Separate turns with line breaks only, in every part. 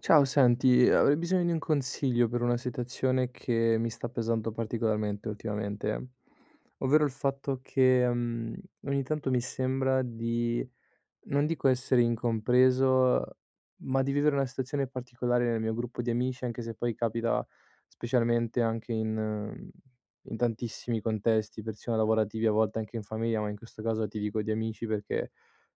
Ciao, senti, uhm, avrei bisogno di un consiglio per una situazione che mi sta pesando particolarmente ultimamente. Ovvero il fatto che, mhmm, ogni tanto mi sembra di, non dico essere incompreso, ma di vivere una situazione particolare nel mio gruppo di amici, anche se poi capita specialmente anche in mhmm, in tantissimi contesti, persino lavorativi, a volte anche in famiglia, ma in questo caso ti dico di amici perché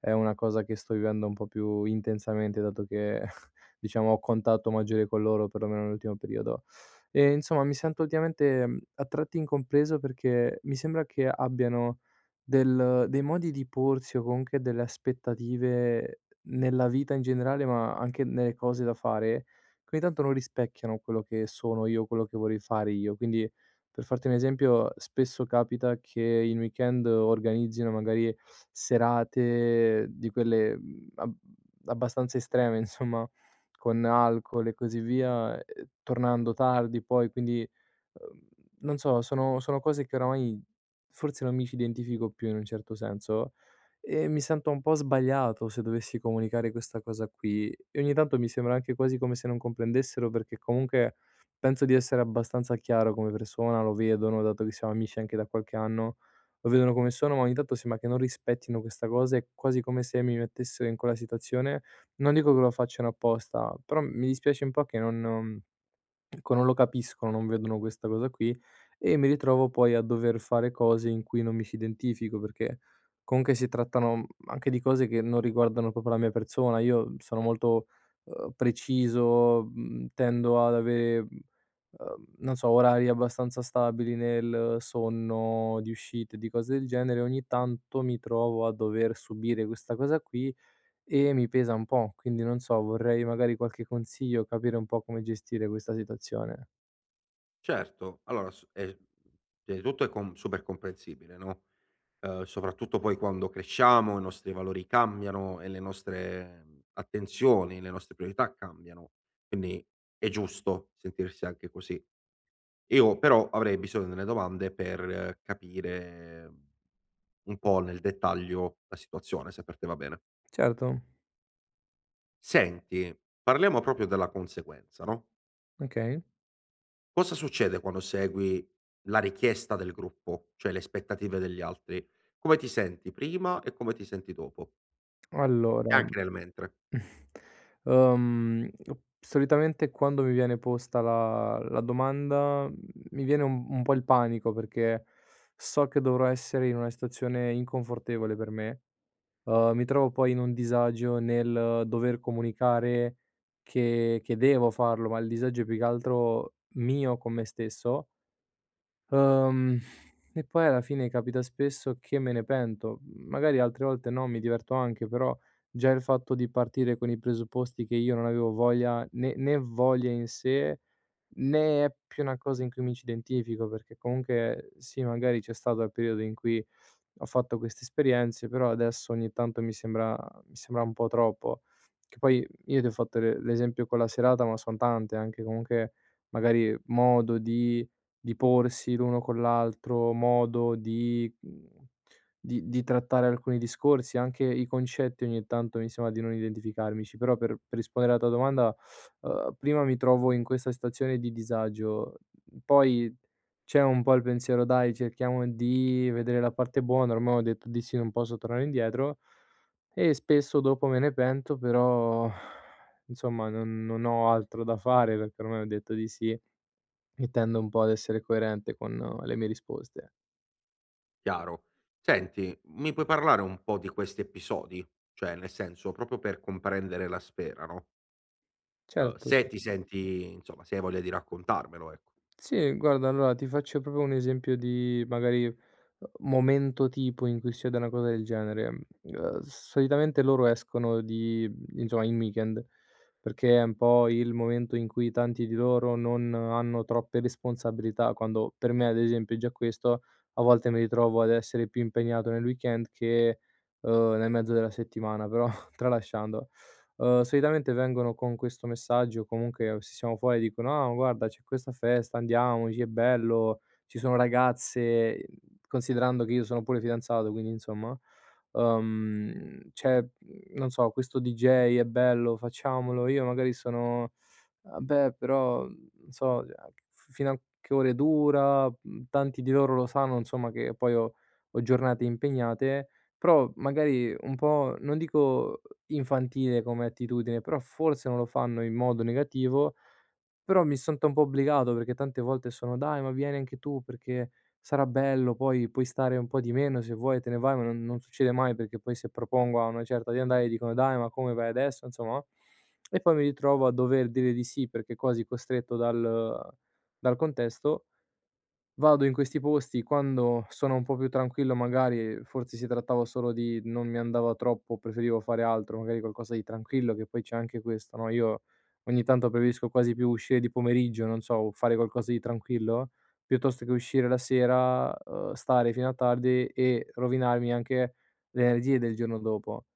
è una cosa che sto vivendo un po' più intensamente dato che, diciamo, ho contatto maggiore con loro, per lo meno nell'ultimo periodo. Ehm, insomma mi sento ultimamente, mhmm, a tratti incompreso perché mi sembra che abbiano del dei modi di porsi, o comunque delle aspettative, nella vita in generale, ma anche nelle cose da fare, che ogni tanto non rispecchiano quello che sono io, quello che vorrei fare io. Quindi, per farti un esempio, spesso capita che in weekend organizzino magari, serate di quelle, mhmm, ab abbastanza estreme, insomma, con alcol e così via, ehm, tornando tardi poi, quindi, uhm, non so, sono sono cose che oramai forse non mi ci identifico più in un certo senso. E mi sento un po' sbagliato se dovessi comunicare questa cosa qui, e ogni tanto mi sembra anche quasi come se non comprendessero, perché comunque penso di essere abbastanza chiaro come persona, lo vedono dato che siamo amici anche da qualche anno. Lo vedono come sono, ma ogni tanto sembra che non rispettino questa cosa, è quasi come se mi mettessero in quella situazione, non dico che lo facciano apposta, però m mi dispiace un po' che non uhm, ecco, non lo capiscono, non vedono questa cosa qui, e mi ritrovo poi a dover fare cose in cui non mi ci identifico perché, comunque si trattano, mhmm, anche di cose che non riguardano proprio la mia persona. Io sono molto, uhm, preciso, mhmm, tendo ad avere, mhmm, uhm, non so, orari abbastanza stabili nel sonno, di uscite, di cose del genere, ogni tanto mi trovo a dover subire questa cosa qui e mi pesa un po', quindi non so, vorrei magari qualche consiglio, capire un po' come gestire questa situazione.
Certo, allora s è pia i tutto è com super comprensibile, no? Uhm, soprattutto poi quando cresciamo, i nostri valori cambiano e le nostre, mhmm, attenzioni, le nostre priorità cambiano. Quindi è giusto sentirsi anche così. Io però, avrei bisogno delle domande per capire, mhmm, un po' nel dettaglio la situazione, se per te va bene.
Certo.
Senti, parliamo proprio della conseguenza, no?
Okay.
Cosa succede quando segui la richiesta del gruppo, cioè le aspettative degli altri? Come ti senti prima e come ti senti dopo?
Allora,
E anche nel mentre.
uhm, [unintelligible] solitamente quando mi viene posta la la domanda, mhmm, mi viene un un po' il panico perché so che dovrò essere in una situazione inconfortevole per me. Uhm, mi trovo poi in un disagio nel dover comunicare che che devo farlo, ma il disagio è più che altro mio con me stesso uhm, e poi alla fine capita spesso che me ne pento, mhmm, magari altre volte no, mi diverto anche, però già il fatto di partire con i presupposti che io non avevo voglia, né né voglia in sé, né è più una cosa in cui mi ci identifico, perché comunque sì, magari c'è stato il periodo in cui ho fatto queste esperienze, però adesso ogni tanto mi sembra mi sembra un po' troppo. Che poi, io ti ho fatto le l'esempio con la serata, ma son tante, anche comunque, magari, modo di di porsi l'uno con l'altro, modo di mhmm, di di trattare alcuni discorsi, anche i concetti ogni tanto mi sembra di non identificarmici, però per per rispondere alla tua domanda, uhm, prima mi trovo in questa stazione di disagio, mhmm, poi c'è un po' il pensiero: "Dai, cerchiamo di vedere la parte buona, ormai ho detto di sì, non posso tornare indietro." E spesso dopo me ne pento però, insomma non non ho altro da fare perché ormai ho detto di sì, e tendo un po' ad essere coerente con le mie risposte.
Chiaro. Senti, mi puoi parlare un po' di questi episodi, cioè nel senso proprio per comprendere la sfera, no? Uhm,
Certo
se ti senti insomma, se hai voglia di raccontarmelo, ec
Sì, guarda allora ti faccio proprio un esempio di, magari, uhm, momento tipo in cui succede una cosa del genere, mhmm, uhm, solitamente loro escono di mhmm, insomma in weekend, perché è un po' il momento in cui tanti di loro non hanno troppe responsabilità, quando per me, ad esempio, già questo a volte mi ritrovo ad essere più impegnato nel weekend, che, uhm, nel mezzo della settimana però, tralasciando. Uhm, solitamente vengono con questo messaggio, o comunque se siamo fuori dicono: "Ah guarda c'è questa festa, andiamoci, è bello, ci sono ragazze," ehm, considerando che io sono pure fidanzato, quindi insomma, uhm, "c'è, mhmm, non so, questo DJ, è bello, facciamolo." Io magari sono: "Ah beh, però, mhmm, n so, [unintelligible] f fino a che ore dura?" Mhmm, tanti di loro lo sanno insomma che poi ho ho giornate impegnate, però magari, un po' non dico, infantile come attitudine, però forse non lo fanno in modo negativo, però mi sento un po' obbligato perché tante volte sono: "Dai ma vieni anche tu, perché sarà bello, poi puoi stare un po' di meno, se vuoi te ne vai." Ma non non succede mai perché poi, se propongo a una certa di andare dicono: "Dai ma come, vai adesso?" Insomma, no, e poi mi ritrovo a dover dire di sì perché quasi costretto dal dal contesto. Vado in questi posti quando sono un po' più tranquillo magari, forse si trattava solo di: non mi andava troppo, preferivo fare altro, magari qualcosa di tranquillo, che poi c'è anche questo, no, io ogni tanto preferisco quasi più uscire di pomeriggio, non so, o fare qualcosa di tranquillo, piuttosto che uscire la sera, uhm, stare fino a tardi e rovinarmi anche le energie del giorno dopo.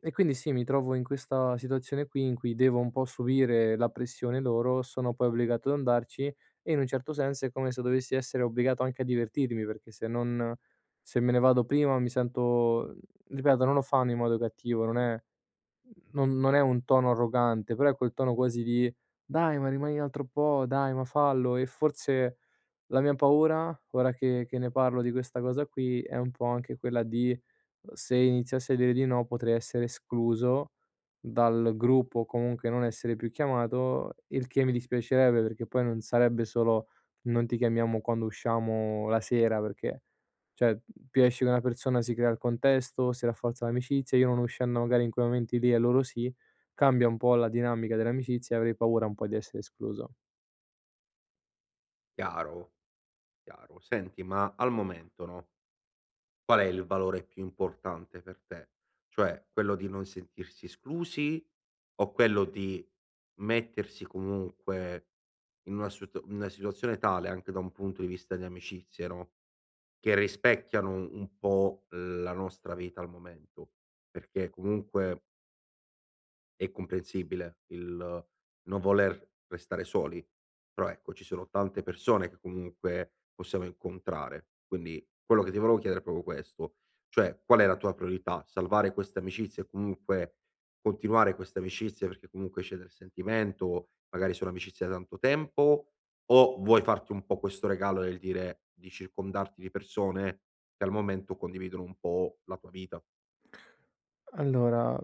E quindi sì, mi trovo in questa situazione qui in cui devo un po' subire la pressione loro, sono poi obbligato ad andarci, e in un certo senso è come se dovessi essere obbligato anche a divertirmi perché se non se me ne vado prima mi sento ripeto, non lo fanno in modo cattivo, non è mhmm, non non è un tono arrogante, però è quel tono quasi di: "Dai ma rimani un altro po', dai ma fallo." E forse, la mia paura, ora che che ne parlo di questa cosa qui, è un po' anche quella di: uhm, se iniziassi a dire di no potrei essere escluso dal gruppo o comunque non essere più chiamato, il che mi dispiacerebbe, perché poi non sarebbe solo: "Non ti chiamiamo quando usciamo la sera." Perché, cioè più esci co' una persona si crea il contesto, si rafforza l'amicizia, io non uscendo magari in quei momenti lì e loro sì, cambia un po' la dinamica dell'amicizia e avrei paura un po' di essere escluso.
Chiaro. Chiaro. Senti, ma al momento, no qual è il valore più importante per te? Cioè, quello di non sentirsi esclusi o quello di mettersi comunque in una sut in una situazione tale anche da un punto di vista di amicizie, no, che rispecchiano u un po' la nostra vita al momento. Perché comunque è comprensibile il non voler restare soli. Però ecco, ci sono tante persone che comunque possiamo incontrare. Quindi quello che ti volevo chiedere è proprio questo, cioè: qual è la tua priorità? Salvare queste amicizie e comunque, continuare queste amicizie perché comunque c'è del sentimento, magari sono amicizia da tanto tempo, o vuoi farti un po' questo regalo nel dire di circondarti di persone che al momento condividono un po' la tua vita?
Allora,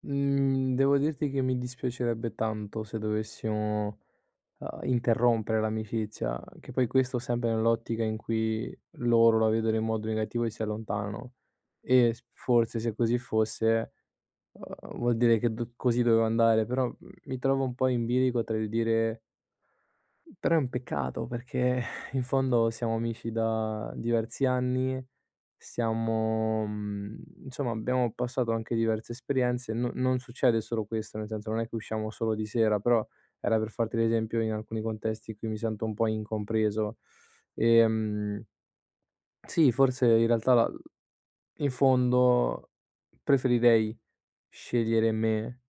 mhmm, devo dirti che mi dispiacerebbe tanto se dovessimo, uhm, interrompere l'amicizia, che poi questo sempre nell'ottica in cui loro la vedono in modo negativo e si allontanano. E s forse, se così fosse, uhm, vuol dire che d così dove andare. Però, mhmm, mi trovo un po' in bilico tra il dire "...Però è un peccato." Perché in fondo siamo amici da diversi anni, siamo mhmm, insomma abbiamo passato anche diverse esperienze, non non succede solo questo, nel senso non è che usciamo solo di sera, però era per farti l'esempio in alcuni contesti in cui mi sento un po' incompreso. Ehm sì, forse in realtà la l in fondo, preferirei scegliere me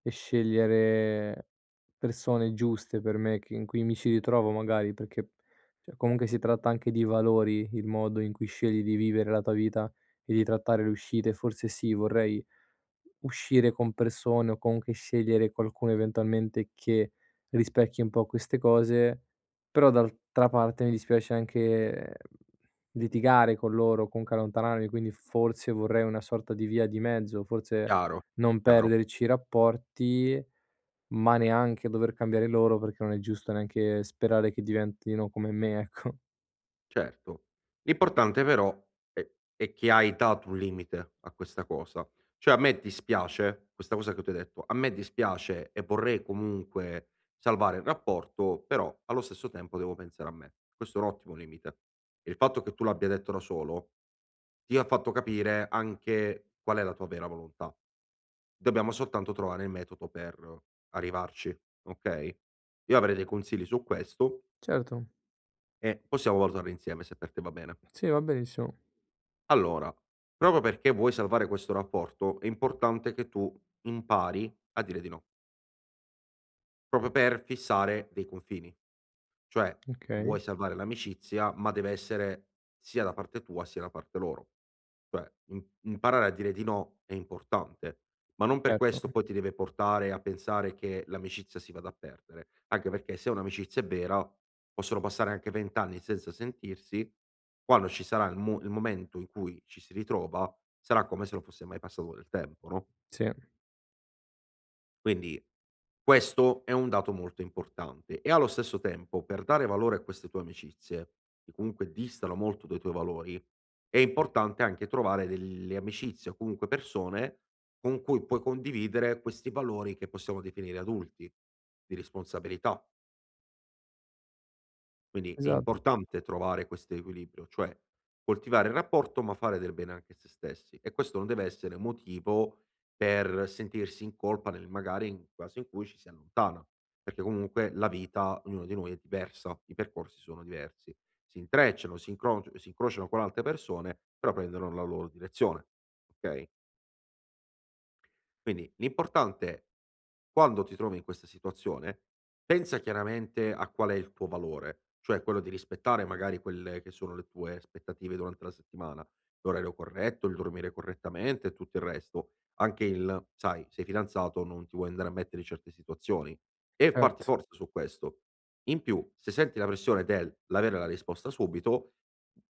e scegliere persone giuste per me che in cui mi ci ritrovo, magari. Perché, cioè comunque si tratta anche di valori, il modo in cui scegli di vivere la tua vita e di trattare le uscite. Forse sì, vorrei uscire con persone o comunque scegliere qualcuno eventualmente che, rispecchi un po' queste cose. Però d'altra parte, mi dispiace anche litigare con loro, comunque allontanarmi. Quindi f forse vorrei una sorta di via di mezzo, forse
Chiaro,
non
chiaro.
perderci i rapporti, ma neanche dover cambiare loro, perché non è giusto neanche sperare che diventino come me, ecco.
Certo, l'importante però è è che hai dato un limite a questa cosa, cioè: a me dispiace, questa cosa che tu hai detto: a me dispiace e vorrei comunque salvare il rapporto però, allo stesso tempo devo pensare a me. Questo è un ottimo limite. Il fatto che tu l'abbia detto da solo, ti ha fatto capire anche qual è la tua vera volontà. Dobbiamo soltanto trovare il metodo per arrivarci, okay, io avrei dei consigli su questo
Certo.
e possiamo valutarlo insieme, se per te va bene.
Sì, va benissimo.
Allora, proprio perché vuoi salvare questo rapporto, è importante che tu impari a dire di no. Proprio per fissare dei confini, cioè vuoi
Okay.
salvare l'amicizia, ma deve essere sia da parte tua sia da parte loro. Cioè im imparare a dire di no è importante, ma non per
Certo.
questo
[unintelligible]
poi ti deve portare a pensare che l'amicizia si vada a perdere, anche perché se un'amicizia è vera, possono passare anche 20 anni senza sentirsi, quando ci sarà il mu il momento in cui ci si ritrova, sarà come se non fosse mai passato del tempo, no?
Sì.
Quindi, questo è un dato molto importante; e allo stesso tempo, per dare valore a queste tue amicizie, che comunque distano molto dai tuoi valori, è importante anche trovare delle amicizie o comunque persone, con cui puoi condividere questi valori, che possiamo definire adulti, di responsabilità. Quindi è
Esatt
importante trovare quest'equilibrio, cioè, coltivare il rapporto, ma fare del bene anche a sé stessi. E questo non deve essere motivo, per sentirsi in colpa, nel magari in caso in cui ci si allontana. Perché comunque, la vita ognuno di noi è diversa, i percorsi sono diversi. Si intrecciano, si incroci si incrociano con altre persone, però prendono la loro direzione, okay? Quindi, l'importante quando ti trovi in questa situazione, pensa chiaramente a qual è il tuo valore, cioè quello di rispettare magari quelle che sono le tue aspettative durante la settimana, l'orario corretto, il dormire correttamente e tutto il resto. Anche il sai, sei fidanzato, non ti vuoi andare a mettere in certe situazioni, e farti
Et
forza su questo. In più, se senti la pressione del l'avere la risposta subito,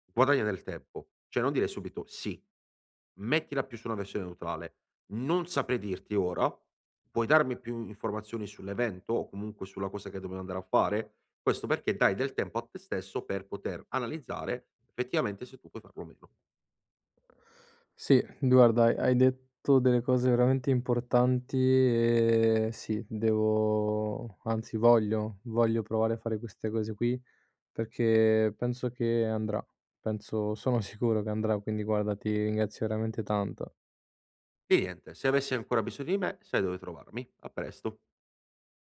guadagna nel tempo, cioè non dire subito: "Sì." Mettila più su una versione neutrale: "Non saprei dirti ora, puoi darmi più informazioni sull'evento, o comunque sulla cosa che dobbiamo andare a fare?" Questo perché, dai del tempo a te stesso per poter analizzare, effettivamente, se tu puoi farlo o meno.
Sì, guarda, hai hai detto delle cose veramente importanti, ehm, sì, devo anzi voglio, voglio provare a fare queste cose qui, perché penso che andrà, penso sono sicuro che andrà, quindi guarda, ti ringrazio veramente tanto.
Di niente, se avessi ancora bisogno di me, sai dove trovarmi, a presto.